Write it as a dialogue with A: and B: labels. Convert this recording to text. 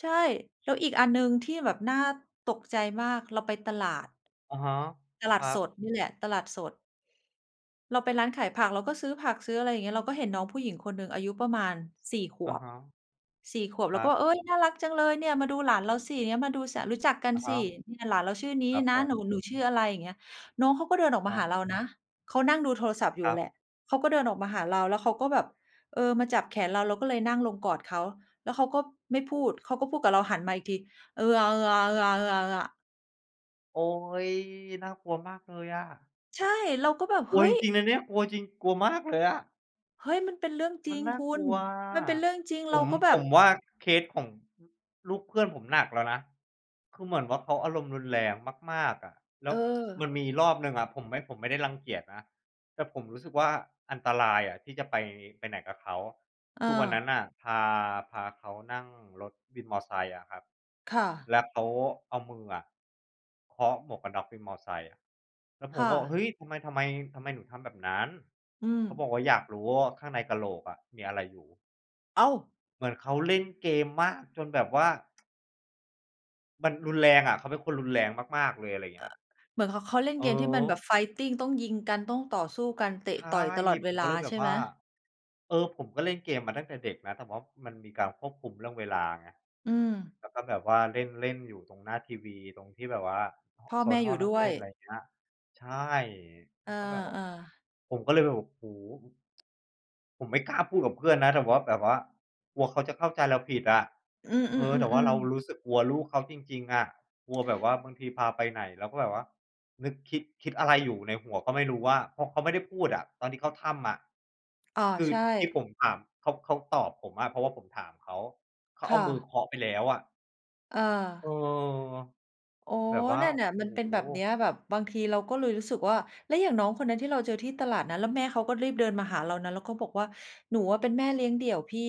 A: ใช่ แล้วอีกอันหนึ่งที่แบบน่าตกใจมาก เราไปตลาด
B: อะฮะ
A: ตล
B: ค
A: าด
B: รั
A: ส
B: บ
A: ดนี่แหละ ตลาดสด เราไปร้านขายผัก เราก็ซื้อผัก ซื้ออะไรอย่างนี้ เราก็เห็นน้องผู้หญิงคนหนึ่งอายุประมาณ 4 ข
B: อะ
A: วบ
B: ฮะ
A: 4 ขวบ
B: ค
A: เรา
B: ร
A: ก
B: ั
A: ็แ
B: บ
A: บบ "เอ๊ย น่ารักจังเลยเนี่ย มาดูหลานเราสิ อย่างเงี้ย มาดู ส รู้จักกัน
B: อะฮ
A: สิ
B: ะ
A: เนี่ยหลานเราชื่อนี้
B: ครับ
A: น
B: ผ
A: ะ หนู
B: ม
A: หนูชื่ออะไร?" อย่างนี้ น้องเขาก็เดินออ
B: อ
A: ก
B: ะ
A: ม
B: ฮ
A: าห
B: ะ
A: าเรานะ เขานั่งดูโทรศัพท์อย
B: ค
A: ู่
B: ร
A: แห
B: ับ
A: ละ เขาก็เดินออกมาหาเรา แล้วเขาก็แบบ เออ มาจับแขนเรา เราก็เลยนั่งลงกอดเขา แล้วเขาก็ไม่พูด เขาก็พูดกับเรา หันมาอีกที "เออ อา เออ อา เออ อา เออ อา เออ อา"
B: โอ๊ย! น่ากลัวมากเลยอะ
A: ใช่ เราก็แบบ
B: กล
A: "เฮ
B: ัว
A: ้
B: จ
A: ย!"
B: ริง ๆ นะเนี่ย กลัวจริง กลัวมากเลยอะ
A: เฮ้ย มันเป็นเรื่องจ
B: ม
A: ร
B: ั
A: ิ
B: น
A: ง
B: น่า
A: คุ
B: กล
A: ณ
B: ัวอะ
A: มันเป็นเรื่องจริง
B: ผ
A: เรา
B: ม
A: ก็แบ
B: ผ
A: บ
B: มว่าเคสของ ฮ ลูกเพื่อนผมหนักแล้วนะ คือเหมือนว่าเขาอารมณ์รุนแรงมาก ๆ อะ แล้
A: เ
B: ว มัน
A: ออ
B: มีรอบหนึ่งอะ ผมไม่ ผมไม่ได้รังเกียจนะ แต่ผมรู้สึกว่าอันตรายอะที่จะไป ไปไหนกับเขา
A: เ
B: คือวันนั้
A: ออ
B: นอะ พา พาเขานั่งรถวินมอไซค์อะครับ
A: ค่ะ
B: แล้วเขาเอามืออะเคาะหมวกกันน็อกวินมอไซค์ แล้วผ
A: ค
B: ม
A: ่
B: บอก
A: ะ
B: "เฮ้ย! ทำไม ทำไม ทำไมหนูทำแบบนั้น?"
A: อื
B: เขาบอ
A: ม
B: กว่า "อยากรู้ว่าข้างในกะโหลกอะมีอะไรอยู่"
A: อ้าว!
B: เหมือนเขาเล่นเกมมากจนแบบว่า มันรุนแรงอะ เขาเป็นคนรุนแรงมาก ๆ เลย อะไรอย่างเงี
A: อ
B: ้ย
A: เหมือนเขา เขาเล่น
B: อ
A: เ
B: ื
A: ก
B: อ
A: มที่
B: ฮ
A: มันแบ
B: ึ
A: บ fighting ต้องยิงกัน ต้องต่อสู้กัน เตะ
B: ใช่
A: ต่อยตลอดเ
B: ผ
A: ว
B: ม
A: ล
B: ก็
A: า
B: เลยแบ
A: ใช
B: บ
A: ่ไ
B: ว
A: ห
B: ่
A: ม?
B: า เออ ผมก็เล่นเกมมาตั้งแต่เด็กนะ แต่ว่ามันมีการควบคุมเรื่องเวลาไง
A: อืม
B: แล้วก็แบบว่าเล่นเล่นอยู่ตรงหน้าทีวี ตรงที่แบบว่า
A: พ่อ
B: โซ
A: แม
B: น
A: ่
B: ห้
A: อย
B: อ
A: ู
B: ง
A: ่
B: นั่
A: ด
B: ง
A: ้ว
B: เล่
A: ย
B: น อะไรอย่างเงี้ย ใช่
A: เออ
B: มันก็แบบว่า
A: ๆ
B: ผมก็เลยแบบ โอ้โฮ อ ผมไม่กล้าพูดกับเพื่อนนะ แต่ว่า แบบว่ากลัวเขาจะเข้าใจเราผิดอะ
A: อื
B: เออ แต่ว่า
A: ม
B: เรา
A: ๆ ๆ ๆ
B: รู้สึกกลัวลูกเขาจริง ๆ อะ กลัวแบบว่าบางทีพาไปไหน แล้วก็แบบว่านึกคิด คิดอะไรอยู่ในหัวก็ไม่รู้ ว่า เพราะเขาไม่ได้พูดอะ ตอนที่เข้าถ้ำอะ
A: อา
B: คือ
A: ใช
B: ที่ผ
A: ่
B: มถาม เขา เขาตอบผมอะ เพราะว่าผมถามเขา เขา
A: ค
B: เอา
A: ่
B: มือ
A: ะ
B: เคาะไปแล้วอะ
A: เ
B: เออ
A: ออ โอ้
B: แบ
A: โ
B: บ
A: ฮ!
B: ว่า
A: นั่นน่ะ
B: โอ้
A: มันเป็น
B: โ
A: แบบ
B: ฮ!
A: นี้ แบบบางทีเราก็เลยรู้สึกว่า แล้วอย่างน้องคนนั้นที่เราเจอที่ตลาดนะ แล้วแม่เขาก็รีบเดินมาหาเรานะ แล้วเขาบอกว่า "หนูอะเป็นแม่เลี้ยงเดี่ยวพี่"